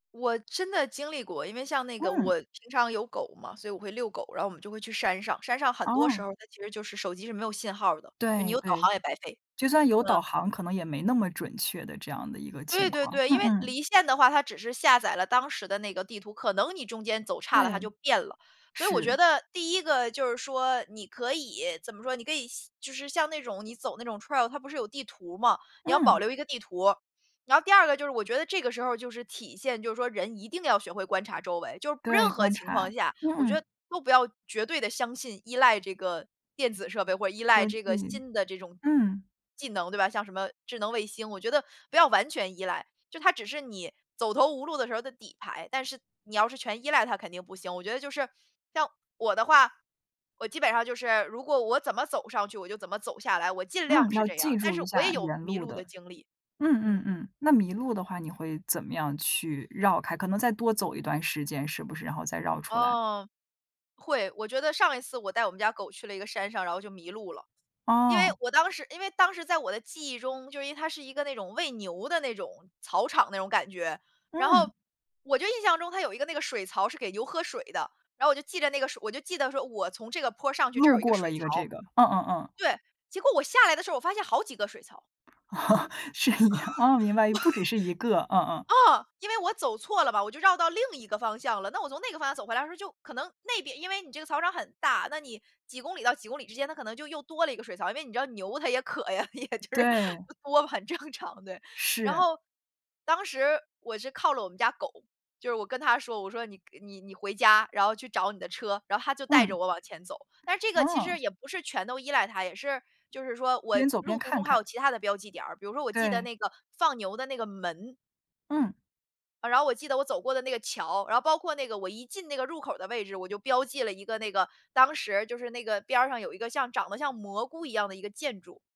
我真的经历过，因为像那个嗯。我平常有狗嘛，所以我会遛狗。然后我们就会去山上，山上很多时哦。候儿它其实就是手机是没有信号儿的，你对有导对。航也白费。就算有嗯。导航可能也没那么准确的这样的一个对情对况。对，因嗯为嗯。离线的话它只是下载了当时的那个地图，可能你中间走差了它就对。变了。所以我是。觉得第1个就是说你可以怎么说你可以就是像那种你走那种 trail 它不是有地图嘛，你要保嗯。留一个地图儿。然后第2个就是我觉得这个时候儿就是体现就是说人一定要学会观察周围，就是任对，何观情况察。下，我觉嗯。得都不要绝对地相信、依赖这个电子设备，或者依赖科技，这个新的这种嗯。技能对吧，像什么智能卫星，我觉得不要完全依赖，就它只是你走投无路的时候儿的底牌。但是你要是全依赖它肯定不行，我觉得就是，像我的话，我基本上就是如果我怎么走上去我就怎么走下来，我尽嗯，量是要这样记儿，但住是一我也下有沿迷路路的的。经历。嗯嗯嗯。嗯，那迷路的话，你会怎么样去绕开？可能再多走一段时间是不是，然后再绕出来。哦。会，我觉得上一次我带我们家狗去了一个山上然后就迷路了。因为哦。我当时因为当时在我的记忆中，就因为它是一个喂牛的那种草场那种感觉，然后，嗯。我就印象中它有一个那个水槽是给牛喝水的，然后我就记着那个水我就记得说我从这个坡上去这儿路有一个过了水一个这槽，个，嗯嗯嗯。对，结果我下来的时候我发现好几个水槽。是一样哦，明白，不只是一个，嗯 嗯。嗯，因为我走错了嘛，我就绕到另一个方向了。那我从那个方向走回来的时候就可能那边因为你这个草场很大，那你几公里到几公里之间它可能就又多了一个水槽。因为你知道牛它也渴呀，也就是对。多不很正常，对。然是。后当时我是靠了我们家狗，就是我跟它说，我说：“你你你回家，然后去找你的车。”然后它就带着嗯。我往前走。但是这个其实哦。也不是全都依赖它，也是就是说我边走路边途中看还看。有其它的标记点儿，比如说我记得对。那个放牛的那个门。嗯。然后我记得我走过的那个桥，然后包括那个我一进那个入口儿的位置，我就标记了一个那个当时就是那个边儿上有一个像长得像蘑菇一样的一个建筑。